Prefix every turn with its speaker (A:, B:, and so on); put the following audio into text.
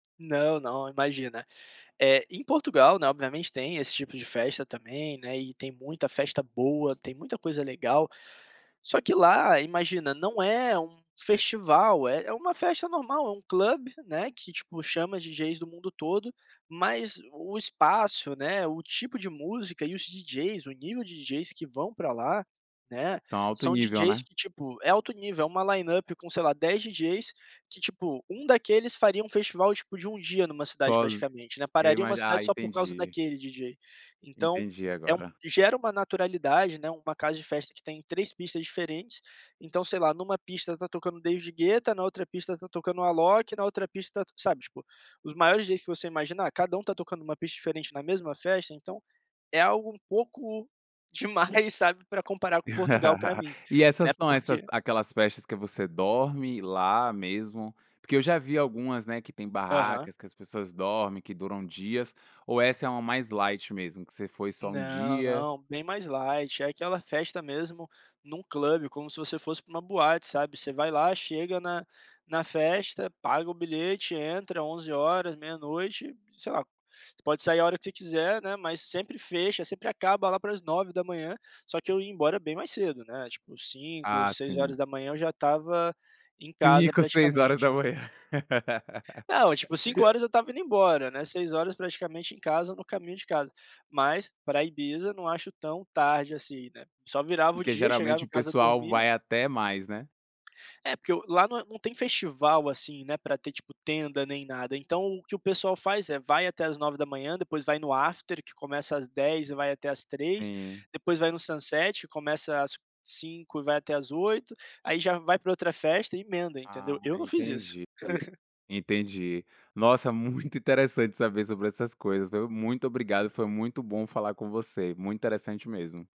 A: Não, não, imagina, eh, em Portugal, né, obviamente tem esse tipo de festa também, né, e tem muita festa boa, tem muita coisa legal, só que lá imagina não é um festival, é é uma festa normal, é um club, né, que tipo, chama DJs do mundo todo, mas o espaço, né, o tipo de música e os DJs, o nível de DJs que vão pra lá ,né,
B: Então, alto
A: são
B: nível,
A: DJs
B: né?
A: que tipo é alto nível, é uma line up com sei lá dez DJs que, tipo, um daqueles fariam um festival, tipo, de um dia numa cidade
B: [unintelligible]
A: praticamente, né,
B: Eu
A: pararia uma
B: imagi ah,
A: cidade só por causa
B: entendi.
A: daquele DJ, então
B: Entendi
A: é um
B: agora.
A: gera uma naturalidade, né, uma casa de festa que tem três pistas diferentes, então sei lá numa pista está tocando David Gueta, na outra pista está tocando Alok, na outra pista está sabe, tipo, os maiores DJs que você imaginar, cada um tá tocando numa pista diferente na mesma festa, então é algo um pouco demais, sabe, pra comparar com Portugal pra mim
B: E
A: né,
B: essas são essas
A: porque
B: aquelas festas que você dorme lá mesmo? Porque eu já vi algumas, né, que têm
A: Aham.
B: barracas, que as pessoas dormem, que duram dias, ou essa é uma mais light mesmo, você foi só um
A: Não,
B: dia?
A: não, bem mais light, é aquela festa mesmo num club como se você fosse para uma boate, sabe, você vai lá chega na na festa, paga o bilhete, entra 23h, 00h, sei lá, você pode sair a hora que você quiser, né, mas sempre fecha, sempre acaba lá para as 9h, só que eu ia embora bem mais cedo né, tipo 5h,
B: Ah
A: Seis
B: sim.
A: horas da manhã eu já estava em casa
B: 5h, Seis horas
A: praticamente.
B: da manhã.
A: Não, tipo, Cinco horas eu estava indo embora, né, 6h praticamente em casa ou no caminho de casa, mas pra Ibiza não acho tão tarde assim, né, só virava o
B: Porque
A: dia chegava
B: geralmente
A: em
B: o
A: casa
B: pessoal
A: dormia
B: vai até mais, né?
A: É porque o lá no não tem festival, assim, né, pra ter tipo tenda nem nada então o que o pessoal faz é vai até às 9h depois vai no after que começa às 10h e vai até às 15h,
B: Sim.
A: depois vai no sunset que começa às 17h e vai até às 20h, aí já vai pra outra festa e emenda entendeu?
B: Ah,
A: Eu não fiz isso.
B: entendi, entendi. Nossa, muito interessante saber sobre essas coisas, viu? Muito obrigado, foi muito bom falar com você. Muito interessante mesmo.